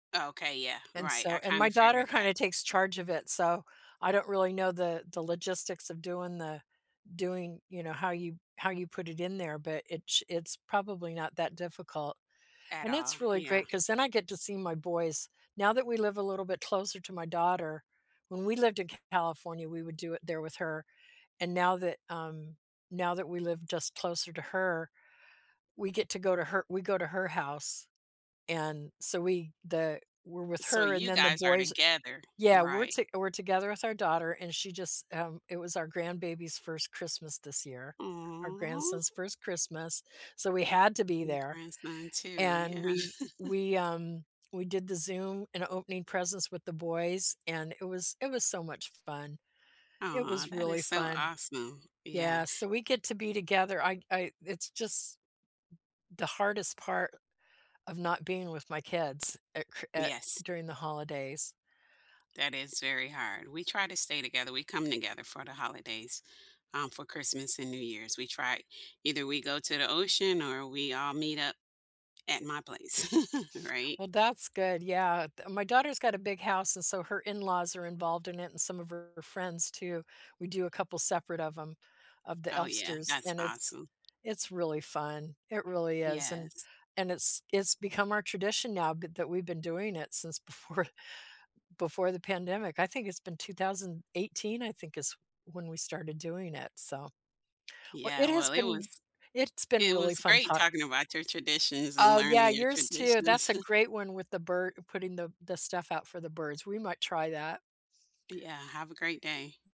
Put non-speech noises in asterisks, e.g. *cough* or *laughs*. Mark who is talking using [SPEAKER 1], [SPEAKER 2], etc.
[SPEAKER 1] Okay, yeah,
[SPEAKER 2] And
[SPEAKER 1] right,
[SPEAKER 2] so
[SPEAKER 1] I
[SPEAKER 2] and my
[SPEAKER 1] kinda
[SPEAKER 2] daughter
[SPEAKER 1] figured that.
[SPEAKER 2] kinda takes charge of it, so I don't really know the the logistics of doing the doing, you know, how you how you put it in there, but itch it's probably not that difficult,
[SPEAKER 1] At
[SPEAKER 2] and
[SPEAKER 1] all,
[SPEAKER 2] it's really
[SPEAKER 1] yeah.
[SPEAKER 2] great 'cause then I get to see my boys now that we live a little bit closer to my daughter. When we lived in California, we would do it there with her, and now that, um, now that we live just closer to her, we get to go to her we go to her house. And so we the were with
[SPEAKER 1] So
[SPEAKER 2] her and
[SPEAKER 1] you
[SPEAKER 2] then the
[SPEAKER 1] guys are
[SPEAKER 2] boys
[SPEAKER 1] together,
[SPEAKER 2] teah, we're
[SPEAKER 1] right.
[SPEAKER 2] to we're together with our daughter and she just, um it was our grandbaby's 1st Christmas this year, our
[SPEAKER 1] Aw.
[SPEAKER 2] grandson's 1st Christmas, so we had to be
[SPEAKER 1] My
[SPEAKER 2] there,
[SPEAKER 1] grandson, too,
[SPEAKER 2] and
[SPEAKER 1] yeah.
[SPEAKER 2] we
[SPEAKER 1] *chuckles*
[SPEAKER 2] we, um we did the Zoom and opening presents with the boys and it was it was so much fun. It
[SPEAKER 1] Aw,
[SPEAKER 2] was
[SPEAKER 1] that
[SPEAKER 2] really
[SPEAKER 1] is so
[SPEAKER 2] fun.
[SPEAKER 1] awesome, yeah.
[SPEAKER 2] Yeah, so we get to be together, I'd I it's just the hardest part of not being with my kids, uh, Chr uh
[SPEAKER 1] Yes.
[SPEAKER 2] during the holidays.
[SPEAKER 1] That is very hard, we try to stay together, we come together for the holidays, um, for Christmas and New Year's, we try either we go to the ocean or we all meet up at my place, *laughs* right?
[SPEAKER 2] Well, that's good, yeah, t my daughter's got a big house and so her in-laws are involved in it and some of her friends, too, we do a couple separate of 'em of the
[SPEAKER 1] Oh, yeah,
[SPEAKER 2] Elfsters
[SPEAKER 1] that's
[SPEAKER 2] and it's
[SPEAKER 1] awesome.
[SPEAKER 2] it's really fun, it really is, and
[SPEAKER 1] Yes.
[SPEAKER 2] and it's it's become our tradition now th that we've been doing it since before before the pandemic, I think it's been 2018, I think is when we started doing it, so. W
[SPEAKER 1] Yeah,
[SPEAKER 2] it has
[SPEAKER 1] well, it
[SPEAKER 2] been
[SPEAKER 1] was
[SPEAKER 2] w it's been
[SPEAKER 1] it
[SPEAKER 2] really
[SPEAKER 1] was
[SPEAKER 2] fun
[SPEAKER 1] great
[SPEAKER 2] talk
[SPEAKER 1] talking about your traditions and
[SPEAKER 2] Oh, yeah,
[SPEAKER 1] learning your
[SPEAKER 2] yours, too, that's
[SPEAKER 1] traditions.
[SPEAKER 2] a
[SPEAKER 1] *chuckles*
[SPEAKER 2] great one with the bir putting the the stuff out for the birds. We might try that.
[SPEAKER 1] Yeah, have a great day.